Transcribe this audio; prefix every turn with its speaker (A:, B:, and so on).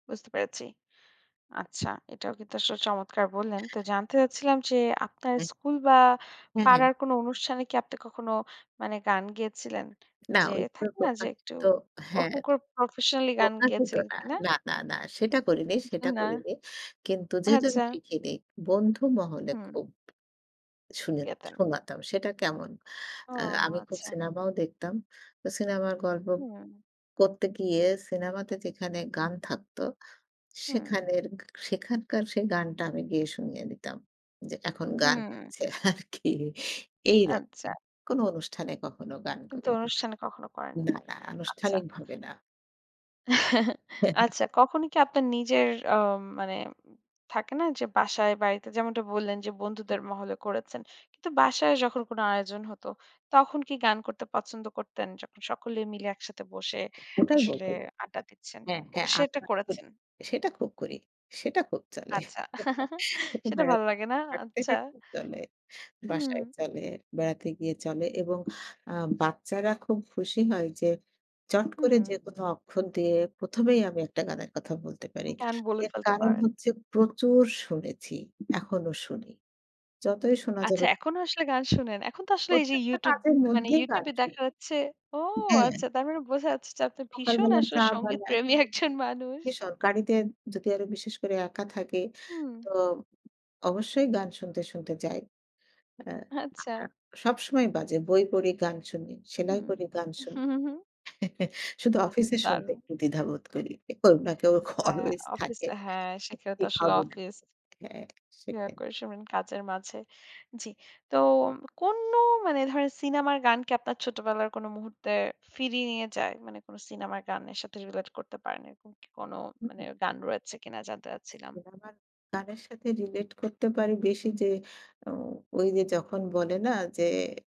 A: বুঝতে পেরেছি। আচ্ছা এটাও কিন্তু আসলে চমৎকার বললেন। তো জানতে চাচ্ছিলাম যে, আপনার
B: হুম।
A: স্কুল বা
B: হু, হু।
A: পাড়ার কোন অনুষ্ঠানে কি আপনি কখনো, মানে গান গেয়েছিলেন?
B: না
A: যে
B: ওই
A: থাকে না যে একটু
B: প্রকাশিত হ্যাঁ।
A: ওরকম করে প্রফেশনাল গান
B: প্রকাশিত
A: গেয়েছিলেন
B: না,
A: কিনা?
B: না, না, না সেটা করিনি সেটা
A: না।
B: করিনি। কিন্তু যেদিন
A: আচ্ছা।
B: শিখি নি, বন্ধু মহলে
A: হুম।
B: খুব। শুনে
A: গেতেন।
B: শোনাতাম সেটা কেমন
A: ও
B: আ আমি খুব
A: আচ্ছা।
B: সিনেমাও দেখতাম। তো সিনেমার গল্প
A: হুম।
B: করতে গিয়ে সিনেমাতে যেখানে গান থাকতো,
A: হুম।
B: সেখানের সেখানকার সেই গানটা আমি গিয়ে শুনিয়ে দিতাম। যে এখন গান
A: হুম।
B: হচ্ছে আর কি এইরকম
A: আচ্ছা।
B: কোন অনুষ্ঠানে কখনো গান
A: কিন্তু
B: করিনি।
A: অনুষ্ঠানে কখনও
B: না,
A: করেননি।
B: না
A: আচ্ছা।
B: আনুষ্ঠানিকভাবে না। হ্যা।
A: আচ্ছা কখনই কি আপনার নিজের আ মানে থাকে না? যে বাসায় বাড়িতে যেমনটা বললেন যে বন্ধুদের মহলে করেছেন। কিন্তু বাসায় যখন কোন আয়োজন হতো, তখন কি গান করতে পছন্দ করতেন যখন স সকলে মিলে একসাথে বসে
B: ওটাই
A: আসলে
B: বলতে চাইছি।
A: আড্ডা দিচ্ছেন।
B: হ্যাঁ, হ্যাঁ
A: সেটা
B: [unintelligible]
A: করেছেন?
B: সেটা খুব করি। সেটা খুব চলে।
A: আচ্ছা, সেটা ভালো
B: বেড়াতে
A: লাগে না?
B: হাঁটতে,
A: আচ্ছা।
B: হাঁটতে চলে।
A: হুম।
B: বাসায় চলে বেড়াতে গিয়ে চলে এবং আ বাচ্চারা খুব খুশি হয় যে চট করে
A: হু।
B: যেকোন অক্ষর দিয়ে প্রথমেই আমি একটা গানের কথা বলতে পারি।
A: কেন বলে
B: এর
A: ফেলতে
B: কারণ
A: পারেন।
B: হচ্ছে প্রচুর শুনেছি। এখনও শুনি। যতই শোনা
A: আচ্ছা
B: যাবে।
A: এখনো আসলে গান শোনেন। এখন তো আসলে এই যে
B: প্রত্যেকটা
A: ইউটিউব
B: কাজের
A: মানে
B: মধ্যেই গান
A: ইউটিউব এ
B: শুনি।
A: দেখা যাচ্ছে ও
B: হ্যাঁ।
A: আচ্ছা তার মানে বোঝা যাচ্ছে যে আপনি ভীষণ
B: সকালবেলা
A: আসল
B: চা
A: সঙ্গীত
B: বানাই।
A: প্রেমী একজন মানুষ।
B: সরকারিতে যদি আরো বিশেষ করে একা থাকি।
A: হুম।
B: তো অবশ্যই গান শুনতে, শুনতে যাই। আ
A: আচ্ছা।
B: সবসময় কাজে বই পড়ি, গান শুনি। সেলাই
A: হুম,
B: করি, গান
A: হু,
B: শুনি।
A: হু, হুম।
B: শুধু
A: বাহ!
B: অফিসে শুনতে
A: দারুণ।
B: একটু দ্বিধা বোধ করি। কারন কেউ না কেউ
A: হ্যাঁ
B: অলঅয়েজ
A: অফিস
B: থাকে।
A: হ্যাঁ, সেখানে তো
B: ঠিক
A: আসলে
B: হবে না।
A: অফিস।
B: হ্যাঁ
A: ইয়ার
B: সেটাই।
A: ফোনে শোনেন কাজের মাঝে। জ্বি। তো কোন মানে ধর সিনেমার গান কি আপনার ছোটবেলার কোন মুহূর্তে ফিরিয়ে নিয়ে যায়? মানে কোন সিনেমার গানের সাথে রিলেট করতে পারেন। এরকম কোন
B: হুম, হু।
A: গান রয়েছে কিনা? জানতে চাচ্ছিলাম।
B: আমার গানের সাথে রিলেট করতে পারি বেশি যে ও ওই যে যখন বলে না যে